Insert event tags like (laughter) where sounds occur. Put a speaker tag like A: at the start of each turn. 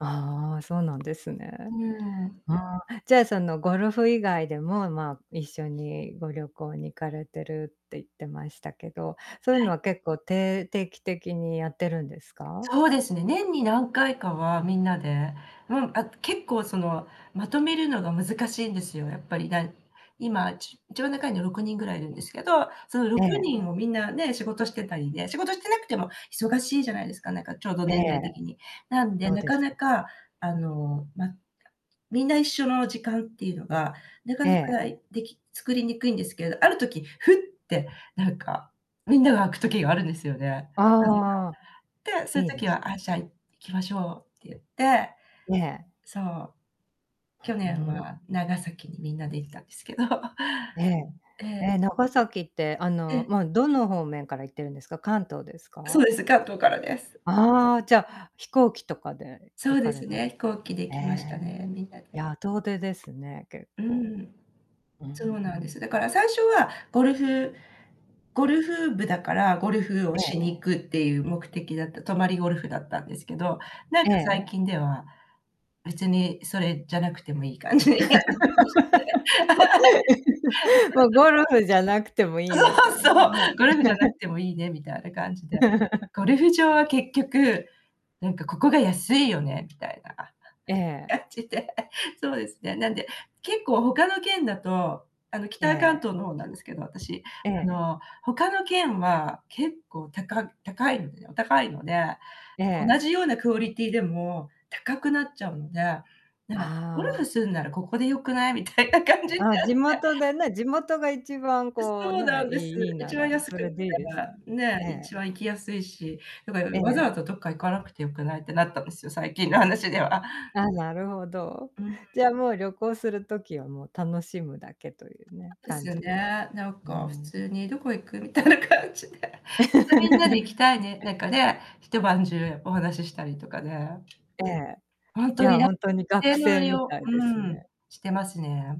A: ああ、そうなんですね。
B: うん。
A: ああ、じゃそのゴルフ以外でも、まあ一緒にご旅行に行かれてるって、言ってましたけど、そういう
B: は
A: の
B: い。
A: は結構てい定期的にやってるんですか？
B: そうですね、年に何回かは皆で、うん、あ、結構その、まとめるのが難しいんですよ、やっぱり。なん今ち一番仲いいのは6人ぐらいいるんですけど、そのろ
A: え
B: く
A: え。
B: にんを皆ね、仕事してたりね、仕事してなくても忙しいじゃないですか、なんかちょうど
A: え
B: 年代
A: え。
B: 的に。なんで、
A: そう
B: な
A: で
B: か
A: す
B: な
A: ね。
B: かあの、ま、あ、皆一緒の時間っていうのがなか
A: え
B: なか
A: え。
B: でき作りにくいんですけど、ある時ふってなんかみんなが空く時があるんですよね。
A: ああ。
B: (unintelligible) で、そういう
A: いいで
B: 時
A: す
B: は「あ、
A: ね。
B: じゃあ行きましょう」って言って。
A: ねえ。
B: そう。去
A: ふう
B: 年
A: ん。
B: は長崎にみんなで行ったんですけど。
A: ええ。
B: ええ。
A: え、長崎ってあ
B: え
A: の、
B: え。
A: ま、どの方面から行ってるんですか？関東です
B: そう
A: か？
B: です、関東からです。
A: ああ、じゃ飛行機とかで
B: そ
A: 行
B: う
A: か
B: で
A: れ
B: す
A: た、
B: ね、飛行機で行
A: え
B: きました
A: え。
B: ね、みんなで。
A: やあ遠出ですね、結
B: う
A: 構。
B: ん。
A: う
B: そうなんで
A: ん。
B: す。だから最初はゴルフゴルフ部だから、ゴルフを
A: ええ。
B: しに行くっていう目的だった、泊まりゴルフだったんですけど、なん
A: え
B: か
A: え。
B: 最近では、別にそれじゃなくてもいい感じに。(unintelligible) (laughs)
A: (laughs) もうゴルフじゃなくてもいい
B: そ
A: みた
B: う、
A: い
B: そう！
A: なね。
B: ゴルフじゃなく
A: (laughs)
B: てもいいねみたいな感じで。
A: (laughs)
B: ゴルフ場は結局、何かここが安いよねみたいな
A: ええ。
B: 感じで。そうですね。なんで結構他の県だと、あの
A: え
B: 北関
A: え。
B: 東の方なんですけど、私。
A: え
B: あ
A: え。
B: の、他の県は結構高高いのでお高いので、
A: え
B: 同
A: え。
B: じようなクオリティでも、高くなっちゃうので、ならゴル
A: あ
B: フ
A: あ。
B: するならここで良くない？みたいな感じに
A: あ、
B: なっ
A: 地
B: て。
A: 元でね、地元が一番こう
B: そうな
A: ね、
B: んです。
A: いいいいな
B: 一番
A: ら
B: 安く
A: それでいいですよね。
B: (unintelligible) ねえ、
A: ね
B: 一
A: え。
B: 番行きやすいし、だから
A: え
B: 「わざ
A: え。
B: わざどっか行かなくて良くない」ってなったんですよ、最近の話では。
A: あ、なるほど。
B: うん。
A: じゃあもう旅行する時は、もう楽しむだけというね、
B: (unintelligible) です
A: 感
B: よ
A: じで。
B: ね、なん
A: う
B: か普
A: ん。
B: 通に「どこ行く？」みたいな感じで。またみんなで行きたいね、
A: (laughs)
B: なんかね、一晩中お話ししたりとかね。
A: ええ、
B: ほん
A: い
B: とに
A: や
B: な、
A: ほんとに学生みた
B: (unintelligible)
A: い
B: う
A: です
B: ん。
A: ね。
B: してますね。